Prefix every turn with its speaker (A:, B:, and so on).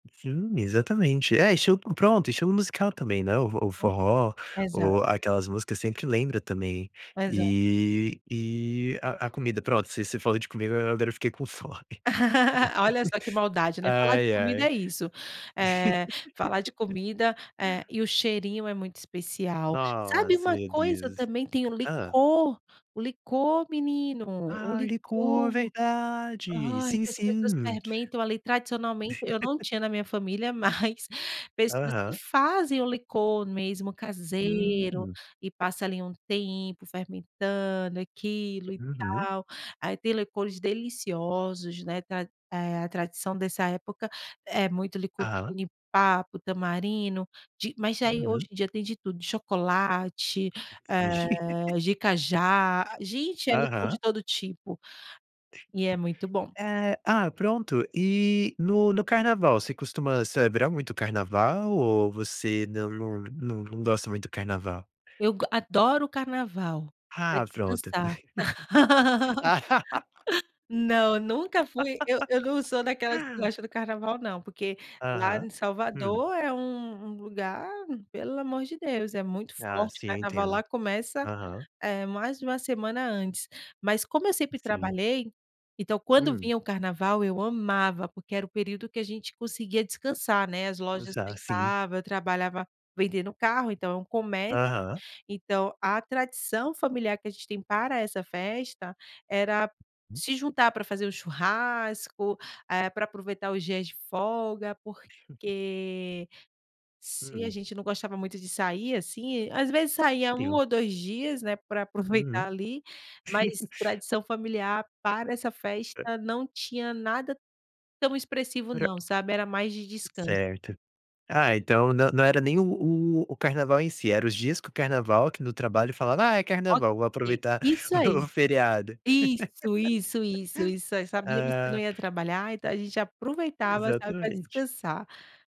A: Sim, exatamente. É, esti p pronto, estilo musical também, né, o f o forró,
B: Uhum. Exato.
A: ou aquelas músicas sempre lembra também.
B: Exa
A: E e a a comida, pronto, ce você falou de comida, a agora eu fiquei com fome.
B: Olha só que maldade, né, falar de
A: Ai,
B: comida
A: ai.
B: é isso. Eh, falar de comida, eh e o cheirinho é muito especial. Sabe,
A: Nossa,
B: uma
A: meu
B: coisa
A: Deus.
B: também tem o
A: Hã?
B: licor, o licor menino, o
A: Ah, licor,
B: licor.
A: verdade.
B: Ai,
A: Sim,
B: que as pessoas
A: sim.
B: fermentam, ali, tradicionalmente. Eu não tinha na minha família, mas pessoas que
A: Aham.
B: fazem o licor mesmo caseiro,
A: Hum.
B: e passa ali um tempo fermentando aquilo, e
A: Uhum.
B: tal. Ai, tem licores deliciosos, né, tra eh, a tradição dessa época, é muito licor de
A: Aham.
B: jenipapo, tamarindo, de mas já aí hoje
A: Uhum.
B: em dia tem de tudo, de chocolate, eh, de cajá. Gente, é licor
A: Aham.
B: de todo tipo. E é muito bom.
A: É, ah, pronto. E, no no carnaval, você costuma celebrar muito o carnaval, ou você não não não não gosta muito do carnaval?
B: Eu go adoro o carnaval, pra
A: Ah, pronto.
B: descansar.
A: Ah!
B: Não, nunca fui eu eu não sou daquelas que gosta do carnaval não, porque lá
A: Aham.
B: em
A: Hum?
B: Salvador é um um lugar, pelo amor de Deus, é muito
A: Ah,
B: forte.
A: sim, eu
B: Carnaval lá
A: entendo.
B: começa,
A: Aham.
B: eh, mais de 1 semana antes. Mas como eu sempre
A: Sim.
B: trabalhei, então quando
A: Hum?
B: vinha o carnaval, eu amava, porque era o período que a gente conseguia descansar, né, as lojas
A: Já, sim.
B: fechavam, eu trabalhava vendendo carro, então é um comércio.
A: Aham.
B: Então, a tradição familiar que a gente tem para essa festa, era se juntar pra fazer um churrasco, eh, pra aproveitar os dias de folga, porque se a
A: Hum.
B: gente não gostava muito de sair, assim às vezes saía 1
A: Teu.
B: ou 2 dias, né, pra aproveitar
A: Uhum.
B: ali, mas tradição familiar para essa festa não tinha nada tão expressivo
A: Pra
B: não, sabe, era mais de descanso.
A: Certo. Ah, então não não era nem o o-o carnaval em si, era os dias que o carnaval, que no trabalho falava: "Ah, é
B: Ok,
A: carnaval, vou aproveitar
B: isso
A: do
B: aí.
A: feriado".
B: Isso, isso, isso, isso, eh, sabíamos que não
A: Ah.
B: ia trabalhar, então a gente aproveitava, sabe, pra
A: Exatamente.
B: descansar.